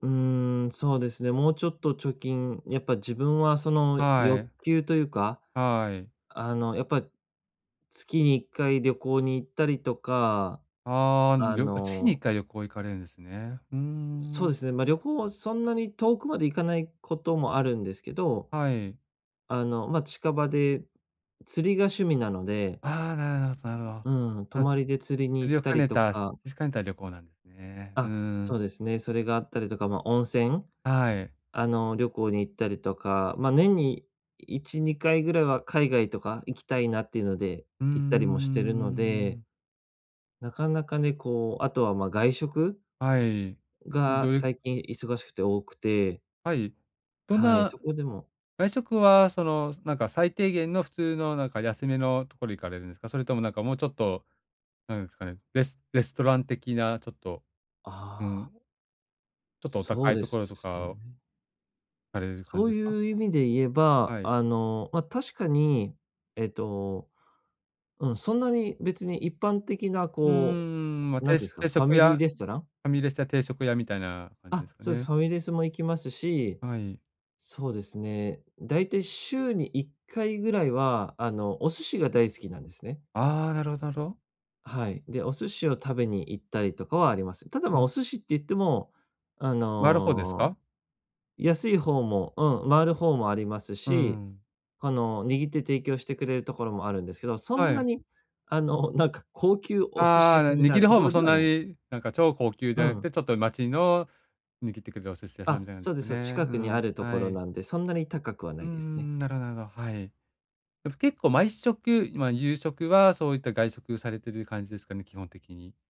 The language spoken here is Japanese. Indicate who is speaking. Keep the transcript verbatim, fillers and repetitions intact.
Speaker 1: うーん、そうですね、もうちょっと貯金、やっぱ自分はその
Speaker 2: は
Speaker 1: 欲
Speaker 2: い。
Speaker 1: 求というか、
Speaker 2: はい。
Speaker 1: あの、やっぱ、月にいっかい旅行に行ったりとか、
Speaker 2: ああ、ん
Speaker 1: あ
Speaker 2: よ月にいっ
Speaker 1: の
Speaker 2: かい旅行行かれるんですね。うー
Speaker 1: そうで
Speaker 2: ん。
Speaker 1: すね、ま、旅行はそんなに遠くまで行かないこともあるんですけど、
Speaker 2: はい。
Speaker 1: あの、まあ、近場で、釣りが趣味なので。
Speaker 2: ああ、なるほど、なるほ
Speaker 1: うん、泊
Speaker 2: あ、
Speaker 1: まりで釣りに
Speaker 2: 釣
Speaker 1: 行っ
Speaker 2: りを
Speaker 1: た
Speaker 2: 兼
Speaker 1: り
Speaker 2: ね
Speaker 1: と
Speaker 2: た、し
Speaker 1: か
Speaker 2: しかんた旅行なんね。うー
Speaker 1: あ、
Speaker 2: ん。
Speaker 1: そうですね。それがあったりとか、まあ、温泉？
Speaker 2: あ、はい。
Speaker 1: あの、旅行に行ったりとか、まあ、年にいちにかいぐらいは海外とか行きたいなっていうので、
Speaker 2: うー
Speaker 1: 行ったりもしてるので
Speaker 2: ん。
Speaker 1: なかなかね、こう、あとは、ま、外食？
Speaker 2: はい、
Speaker 1: が
Speaker 2: どいう
Speaker 1: 最近忙しくて多くて。
Speaker 2: はい、どん
Speaker 1: はい、
Speaker 2: な
Speaker 1: そこでも
Speaker 2: 外食はその、なんか、最低限の普通のなんか、安めのところ行かれるんすか？それともなんかもうちょっとなんえすかね、レスレストラン的なちょっと、
Speaker 1: あ
Speaker 2: う
Speaker 1: あ。
Speaker 2: ん。ちょっとお
Speaker 1: そう
Speaker 2: 高い
Speaker 1: で
Speaker 2: と
Speaker 1: す
Speaker 2: ころとか
Speaker 1: よ
Speaker 2: を
Speaker 1: ね
Speaker 2: 行かれる感
Speaker 1: そ
Speaker 2: じ
Speaker 1: う
Speaker 2: ですか？
Speaker 1: いう意味で言えば、
Speaker 2: はい。
Speaker 1: あの、ま、確かに、ええと、うん、そんなに別に一般的な
Speaker 2: うんうん
Speaker 1: こ
Speaker 2: うんうん、ま、
Speaker 1: う、なん
Speaker 2: て
Speaker 1: ていうん
Speaker 2: し
Speaker 1: すか、
Speaker 2: 定
Speaker 1: ファ
Speaker 2: 食
Speaker 1: ミリ
Speaker 2: 屋、
Speaker 1: ーレストラン？
Speaker 2: ファミレスや定食屋みたいな感じで
Speaker 1: あ、
Speaker 2: すか
Speaker 1: そうす。
Speaker 2: ね。
Speaker 1: ファミレスも行きますし、
Speaker 2: はい。
Speaker 1: そうですね、だいたい週にいっかいぐらいは、あの、お寿司が大好きなんですね。
Speaker 2: ああ、なるほど、なろ。
Speaker 1: あ、はい、で、お寿司を食べに行ったりとかはあります。ただ
Speaker 2: う
Speaker 1: まあ、お
Speaker 2: ん。
Speaker 1: 寿司って言っても、あ
Speaker 2: 回る方ですか？
Speaker 1: の、安い方も、うん、回る方もあります
Speaker 2: う
Speaker 1: し、
Speaker 2: ん。
Speaker 1: あの、握って提供してくれるところもあるんですけど、そ
Speaker 2: は
Speaker 1: んな
Speaker 2: い。
Speaker 1: に、あの、なんか高級お寿司
Speaker 2: あ
Speaker 1: 屋
Speaker 2: あ、
Speaker 1: さ
Speaker 2: あ、
Speaker 1: んみたい
Speaker 2: 握
Speaker 1: な
Speaker 2: る
Speaker 1: と
Speaker 2: 方
Speaker 1: こ
Speaker 2: も
Speaker 1: ろで
Speaker 2: そん
Speaker 1: は
Speaker 2: な
Speaker 1: ない。
Speaker 2: に、なんか超高級じ
Speaker 1: う
Speaker 2: ゃなく
Speaker 1: ん。
Speaker 2: て、ちょっと町の握ってくれるお寿司屋さんみ
Speaker 1: あ、
Speaker 2: たいなん
Speaker 1: そう
Speaker 2: す
Speaker 1: で
Speaker 2: か
Speaker 1: す、そう。
Speaker 2: ね。
Speaker 1: 近
Speaker 2: う
Speaker 1: くにあ
Speaker 2: ん、
Speaker 1: るとこ
Speaker 2: は
Speaker 1: ろ
Speaker 2: い。
Speaker 1: なんで、そんなに高くはな
Speaker 2: うん
Speaker 1: い
Speaker 2: うんう
Speaker 1: ですね。
Speaker 2: ん、なろなろ、はい。えふ結構毎食、ま、夕食はそういった外食されてる感じですかね？基本的に。